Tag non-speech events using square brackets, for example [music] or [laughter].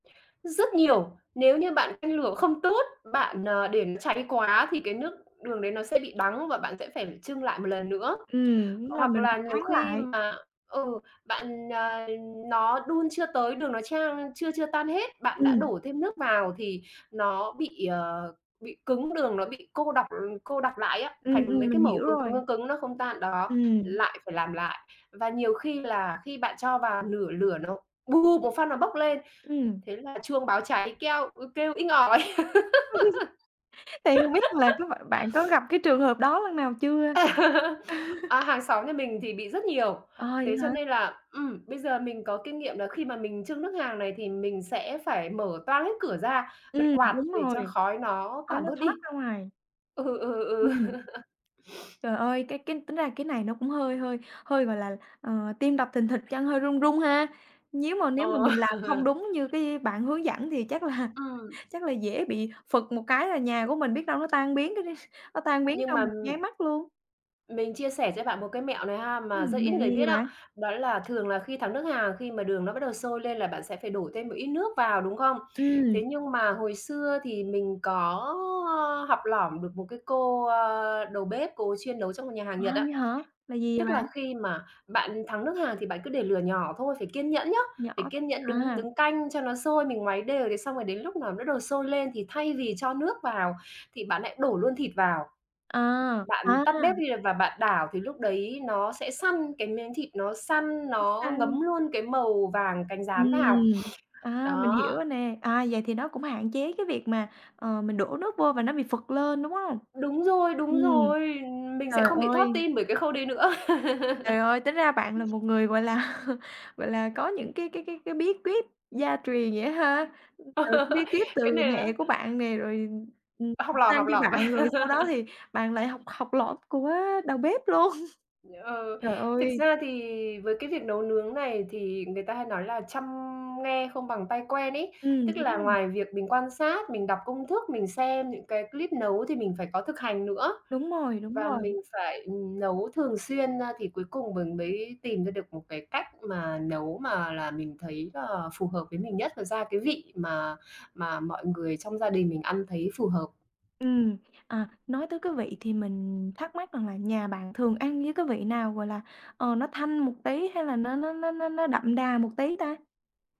Rất nhiều. Nếu như bạn canh lửa không tốt, bạn, ờ, để nó cháy quá thì cái nước đường đấy nó sẽ bị đắng, và bạn sẽ phải chưng lại một lần nữa. Ừm, đúng là Hoặc mình là phải nhiều thắng khi lại. mà ừ, bạn, ờ nó đun chưa tới, đường nó chan chưa chưa tan hết, bạn đã Ừm. đổ thêm nước vào thì nó bị, ờ, bị cứng, đường nó bị cô đọc, ờ cô đặc lại á, Ừm, thành mấy ừm, cái mình mẩu hiểu cứng cứng, rồi. cứng cứng nó không tan, đó, Ừm. lại phải làm lại. Và nhiều khi là khi bạn cho vào nửa lửa nó bụp một phát nó bốc lên, Ừm. thế là chuông báo cháy keo ừ, kêu inh ỏi. [laughs] Thì hông biết là có bạn bạn có [laughs] [sniffs] gặp cái trường hợp đó lần nào chưa? [laughs] À, hàng xóm nhà mình thì bị rất nhiều. Ờ, vậy Thế cho hả? nên là, ừm, bây giờ mình có kinh nghiệm là khi mà mình chưng nước hàng này thì mình sẽ phải mở toang hết cửa ra, bật Ừm, quạt đúng để cho rồi. khói nó Khói tản nó bớt thoát đi. ra ngoài. Ừ, ừ, ừ. Ừm. [laughs] [sniffs] Trời ơi, cái cái tính ra cái này nó cũng hơi hơi hơi, gọi là, ờ, tim đập thình thịch, chân hơi run run ha. Nhíu mà nếu mà Ờ. mình làm không [laughs] đúng như cái bạn hướng dẫn thì chắc là Ừm. chắc là dễ bị phựt một cái là nhà của mình biết đâu nó tan biến cái đi nó tan biến Nhưng mà, trong một nháy ừm mắt luôn. Mình chia sẻ cho bạn một cái mẹo này ha mà rất Ừm, ít mẹo người gì vậy biết á, bạn? đó là thường là khi thắng nước hàng khi mà đường nó bắt đầu sôi lên là bạn sẽ phải đổ thêm một ít nước vào, đúng không? Ừm. Thế nhưng mà hồi xưa thì mình có, ơ, học lỏm được một cái cô, ờ, đầu bếp, cô chuyên nấu trong một nhà hàng À, Nhật á. vậy hả? Là gì vậy Tức bạn? là khi mà bạn thắng nước hàng thì bạn cứ để lửa nhỏ thôi, phải kiên nhẫn nhớ, Nhỏ phải kiên nhẫn đứng à. đứng canh cho nó sôi. Mình ngoáy đều, thế xong rồi đến lúc nào nó đầu sôi lên thì thay vì cho nước vào thì bạn lại đổ luôn thịt vào. À, Bạn à. tắt bếp đi và bạn đảo thì lúc đấy nó sẽ săn, cái miếng thịt nó săn Nó nó ngấm săn. luôn cái màu vàng cánh gián vào. Ừm, [sniffs] à, mình Đó. hiểu rồi nè. À, vậy thì nó cũng hạn chế cái việc mà, ờ, mình đổ nước vô và nó bị phựt lên, đúng hông? Đúng rồi, Ừm, đúng rồi! Mình trời sẽ không bị thót ơi. tim bởi cái khâu đấy nữa. Trời ơi! Tính ra bạn là một [laughs] người, gọi là, gọi là, có những cái cái cái cái bí quyết gia truyền vậy á ha, từ Ờ, cái bí quyết cái từ này là mẹ của bạn nè rồi, ừm, học ừm, lỏm, sang học cho lỏm. bạn, rồi sau đó [laughs] thì bạn lại học học lỏm của đầu bếp luôn. [chuckles] Ừ, Trời thực ơi. ra thì với cái việc nấu nướng này thì người ta hay nói là "trăm nghe không bằng tay quen" ấy. Ừm, Tức đúng là rồi. ngoài việc mình quan sát, mình đọc công thức, mình xem những cái clip nấu thì mình phải có thực hành nữa. Đúng rồi, đúng Và rồi. mình phải nấu thường xuyên, a, thì cuối cùng mình mới tìm ra được một cái cách mà nấu mà là mình thấy là phù hợp với mình nhất nó ra cái vị mà mà mọi người trong gia đình mình ăn thấy phù hợp. Ừm, à, nói tới cái vị thì mình thắc mắc rằng là nhà bạn thường ăn với cái vị nào, gọi là, ờ, nó thanh một tí hay là nó nó nó nó nó đậm đà một tí ta?